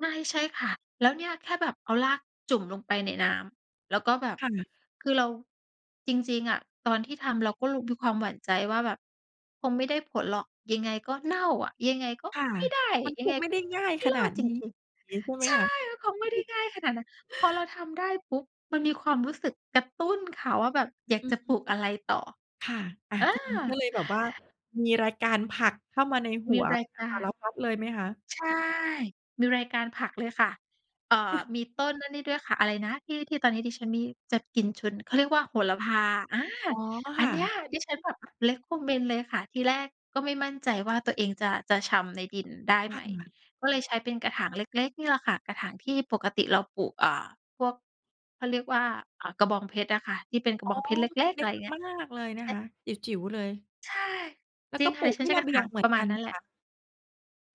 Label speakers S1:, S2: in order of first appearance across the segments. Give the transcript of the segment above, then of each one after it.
S1: ใช่ ใช่ค่ะ แล้วเนี่ยแค่แบบเอารากจุ่มลงไปในน้ำ แล้วก็แบบ
S2: ค่ะ
S1: คือเราจริง ๆ อะ ตอนที่ทำเราก็ลึก ๆ มีความหวั่นใจว่า แบบคงไม่ได้ผลหรอก ยังไงก็เน่าอะ ยังไงก็
S2: ค่ะ
S1: ไม่ได้
S2: มัน
S1: ยั
S2: ค
S1: งไง
S2: งไม
S1: ก
S2: ่
S1: ็
S2: ได้ง่าย
S1: ไม่
S2: ข
S1: ร
S2: น
S1: อ
S2: า
S1: ด
S2: ด
S1: จร
S2: นี้
S1: ิง
S2: งี้ใช่ไ
S1: ๆ
S2: ห
S1: ใ
S2: ม
S1: ช่
S2: คะ?
S1: คงไม่ได้ง่ายขนาดนั้น พอเราทำได้ปุ๊บ มันมีความรู้สึกกระตุ้นค่ะว่า แบบอยาก
S2: อื
S1: จะ
S2: ม
S1: ปลูกอะไรต่อ
S2: ค่ะ อ่า
S1: อ
S2: ทีนี้ก็
S1: า
S2: เลยแบบว่า มีรายการผักเข้ามาในห
S1: ม
S2: ั
S1: ี
S2: ว
S1: รายก
S2: ส
S1: า
S2: า
S1: ร
S2: รพัดเลยไหมคะ?
S1: ใช่ มีรายการผักเลยค่ะ เอ่อ มีต้นอันนี่ด้วยค่ะ อะไรนะ ที่ ที่ตอนนี้ดิฉันมี จะกลิ่นฉุน เขาเรียกว่า โหระพา อา
S2: อ๋อ
S1: อ
S2: ค
S1: ัน
S2: ่
S1: เนี้ย
S2: ะ
S1: ดิฉันแบบ recommend เลยค่ะ ทีแรกก็ไม่มั่นใจว่า ตัวเองจะ จะชำในดินได้
S2: ค
S1: ไห
S2: ่
S1: ม
S2: ะ
S1: ก็เลยใช้เป็นกระถางเล็ก ๆ นี่แหละค่ะ กระถางที่ปกติเราปลูก เอ่อ พวกเขาเรียกว่า อ่า กระบองเพชรอะค่ะ ที่เป็นกระ
S2: อ๋
S1: บ
S2: อ
S1: องเพชรเ
S2: ค
S1: ล็
S2: ือ
S1: ก ๆ
S2: เล
S1: อ
S2: ็
S1: ะไ
S2: ก
S1: รอย่างเงี้
S2: ม
S1: ย
S2: าก ๆ เลยน
S1: ใ
S2: ะ
S1: ช้
S2: คะ จิ๋ว ๆ เลย
S1: ใช่
S2: แล้
S1: จ
S2: ว
S1: ริ
S2: ก็
S1: งค่
S2: ป
S1: ะ
S2: ล
S1: ด
S2: ู
S1: ิ
S2: ก
S1: ฉั
S2: ท
S1: น
S2: ี
S1: ใ
S2: ่
S1: ช้
S2: ร
S1: กร
S2: ะ
S1: ะ
S2: เบ
S1: ถ
S2: ี
S1: า
S2: ยง
S1: ง
S2: เหมื
S1: ป
S2: อ
S1: ร
S2: น
S1: ะม
S2: ก
S1: า
S2: ั
S1: ณ
S2: น
S1: นั
S2: ไ
S1: ้
S2: หม
S1: นแหล
S2: ค
S1: ะ
S2: ะ?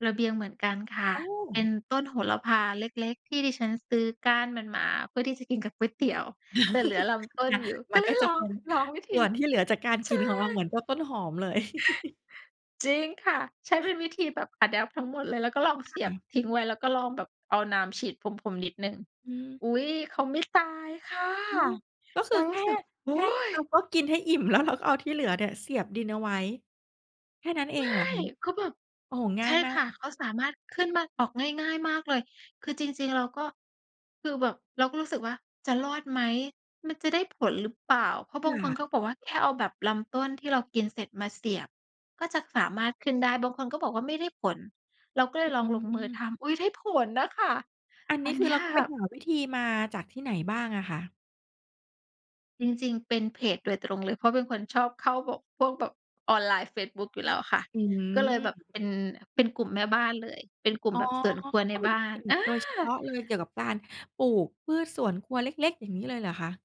S1: ระเบียงเหมือนกันค่ะ
S2: โอ้!
S1: เป็นต้นโหระพาเล็ก ๆ ที่ดิฉันซื้อก้านมันมา เพื่อที่จะกินกับก๋วยเตี๋ยว แต่เหลือลำต้
S2: ค
S1: น
S2: ่ะ
S1: อยู่
S2: ม
S1: ก็
S2: ัน
S1: เล
S2: ก็
S1: ย
S2: จ
S1: ล
S2: ะ
S1: อ
S2: เป
S1: ง
S2: ็น
S1: ลองวิธ
S2: ส
S1: ี
S2: ่วนที่เหลือจากการ
S1: ใ
S2: ก
S1: ช
S2: ิ
S1: ่
S2: นของเราเหมือนพวกต้นหอมเลย
S1: จริงค่ะ ใช้เป็นวิธีแบบ adapt ทั้งหมดเลย แล้วก็ลอง
S2: ค
S1: เสีย
S2: ่
S1: บ
S2: ะ
S1: ทิ้งไว้ แล้วก็ลองแบบเอาน้ำฉีดพรม ๆ นิดหนึ่ง
S2: อืม
S1: อุ๊ย เขาไม่ตายค่ะ
S2: โอ้! ก็ค
S1: เ
S2: ื
S1: ร
S2: อ
S1: าร
S2: แค
S1: ู
S2: ่
S1: ้สึก โอ
S2: แค
S1: ้
S2: ่
S1: โ
S2: เรา
S1: ฮ
S2: ก็กินให้อิ่ม แล้วเรา ก็เอาที่เหลือเนี่ยเสียบดินเอาไว้ แค่นั้นเอ
S1: ไม
S2: ง
S1: ่
S2: เหรอคะ?
S1: ก็แบบ
S2: โอ้โฮ ง
S1: ใ
S2: ่
S1: ช
S2: าย
S1: ่
S2: มา
S1: ค่ะ
S2: ก
S1: เขาสามารถขึ้นมาออกง่าย ๆ มากเลย คือจริง ๆ เราก็ คือแบบเราก็รู้สึกว่า จะรอดไหม? มันจะได้ผลหรือเปล่า? เพราะ
S2: ค
S1: บางคน
S2: ่
S1: เข
S2: ะ
S1: าบอกว่า แค่เอาแบบลำต้นที่เรากินเสร็จมาเสียบ ก็จะสามารถขึ้นได้ บางคนก็บอกว่า ไม่ได้ผล เราก็เล
S2: อื
S1: ยลองลงมือ
S2: ม
S1: ทำ อุ๊ย ได้ผลน่ะค่ะ
S2: อันน
S1: อ
S2: ี
S1: ั
S2: ้
S1: น
S2: ค
S1: เ
S2: ื
S1: น
S2: อ
S1: ี
S2: เ
S1: ้
S2: รา
S1: ย
S2: ก็ไปหาวิธีมาจากที่ไหนบ้างอะคะ?
S1: จริง ๆ เป็นเพจโดยตรงเลย เพราะเป็นคนชอบเข้าแบบ พวกแบบออนไลน์ เฟซบุ๊ก อยู่แล้วอะค่ะ
S2: อื
S1: ก็เลยแบบ
S2: ม
S1: เป็น เป็นกลุ่มแม่บ้านเลย เป็นกลุ่ม
S2: อ๋อ
S1: แบบสวนครั
S2: เข
S1: ว
S2: า
S1: ใน
S2: ก็ม
S1: บ
S2: ี
S1: ้า
S2: เพ
S1: น
S2: จ
S1: อา
S2: โดยเฉพาะเลย เกี่ยวกับการปลูกพืชสวนครัวเล็ก ๆ อย่างงี้เลยเหรอคะ?